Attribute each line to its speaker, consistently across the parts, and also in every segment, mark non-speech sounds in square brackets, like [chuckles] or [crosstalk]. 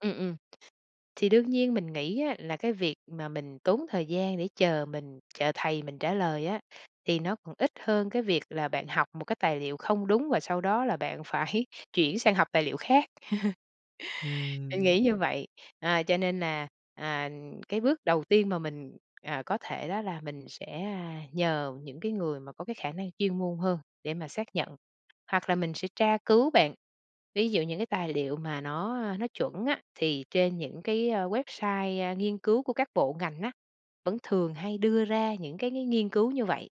Speaker 1: Ừm, ừm, thì đương nhiên mình nghĩ á là cái việc mà mình tốn thời gian để chờ mình chờ thầy mình trả lời á, thì nó còn ít hơn cái việc là bạn học một cái tài liệu không đúng và sau đó là bạn phải chuyển sang học tài liệu khác. [chuckles] Mình
Speaker 2: Ừm.
Speaker 1: nghĩ như vậy. À, cho nên nà, à, cái bước đầu tiên mà mình, à, có thể đó là mình sẽ nhờ những cái người mà có cái khả năng chuyên môn hơn để mà xác nhận, hoặc là mình sẽ tra cứu, bạn, ví dụ những cái tài liệu mà nó, a, nó chuẩn á, thì trên những cái website, a, nghiên cứu của các bộ ngành á, vẫn thường hay đưa ra những cái cái nghiên cứu như vậy.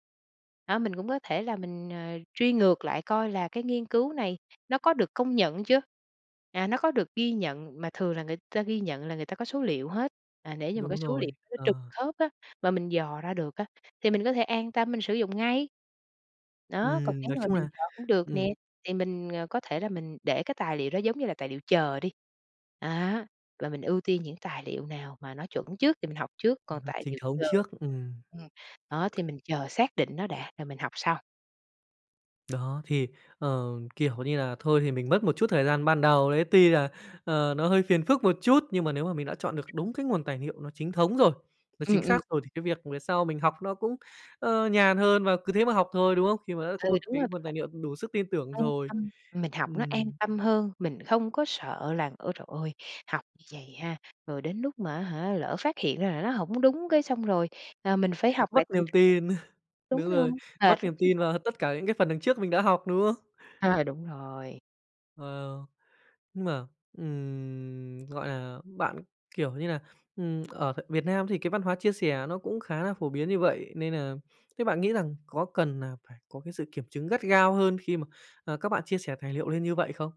Speaker 1: Đó, mình cũng có thể là mình, ờ, truy ngược lại coi là cái nghiên cứu này nó có được công nhận chưa? À, nó có được ghi nhận, mà thường là người ta ghi nhận là người ta có số liệu hết, à, để như mà cái
Speaker 2: Đúng
Speaker 1: số liệu
Speaker 2: rồi,
Speaker 1: nó trực
Speaker 2: ờ.
Speaker 1: khớp á, mà mình dò ra được á, thì mình có thể an tâm mình sử dụng ngay. Đó, còn
Speaker 2: Ừm,
Speaker 1: nếu
Speaker 2: nói
Speaker 1: mà
Speaker 2: chung
Speaker 1: mình
Speaker 2: là,
Speaker 1: chờ cũng được
Speaker 2: ừm.
Speaker 1: nè, thì mình, ờ, có thể là mình để cái tài liệu đó giống như là tài liệu chờ đi, đó, và mình ưu tiên những tài liệu nào mà nó chuẩn trước thì mình học trước,
Speaker 2: Ờ,
Speaker 1: còn tài
Speaker 2: chính
Speaker 1: liệu
Speaker 2: thống
Speaker 1: chờ
Speaker 2: trước, ừm.
Speaker 1: ừm, đó, thì mình chờ xác định nó đã rồi mình học sau.
Speaker 2: Đó, thì, ờ, kiểu như là, thôi thì mình mất một chút thời gian ban đầu đấy, tuy là, ờ, nó hơi phiền phức một chút nhưng mà nếu mà mình đã chọn được đúng cái nguồn tài liệu nó chính thống rồi, nó chính
Speaker 1: Ừm, ừm.
Speaker 2: xác rồi thì cái việc về sau mình học nó cũng, ơ, nhàn hơn và cứ thế mà học thôi, đúng không? Khi mà đã có
Speaker 1: Ừ,
Speaker 2: một
Speaker 1: đúng
Speaker 2: tí
Speaker 1: rồi
Speaker 2: nguồn tài
Speaker 1: bạn.
Speaker 2: liệu đủ sức tin tưởng
Speaker 1: An
Speaker 2: rồi.
Speaker 1: tâm, mình học nó an
Speaker 2: Ừm.
Speaker 1: tâm hơn, mình không có sợ là, ơ trời ơi, học như vậy ha, rồi đến lúc mà á hả, lỡ phát hiện ra là nó hổng đúng cái xong rồi, ờ, mình phải học lại
Speaker 2: Mất niềm tin, [chuckles]
Speaker 1: [unintelligible] Đúng
Speaker 2: đúng
Speaker 1: rồi,
Speaker 2: rồi, mất
Speaker 1: mệt lắm
Speaker 2: niềm
Speaker 1: chứ
Speaker 2: tin
Speaker 1: bộ.
Speaker 2: vào tất cả những cái phần đằng trước mình đã học, đúng không?
Speaker 1: Ờ, đúng rồi.
Speaker 2: Wow. Nhưng mà, ừm, gọi là, bạn, kiểu như là, ừm, ở Việt Nam thì cái văn hóa chia sẻ nó cũng khá là phổ biến như vậy nên là thế bạn nghĩ rằng có cần nà phải có cái sự kiểm chứng gắt gao hơn khi mà, ờ, các bạn chia sẻ tài liệu lên như vậy không?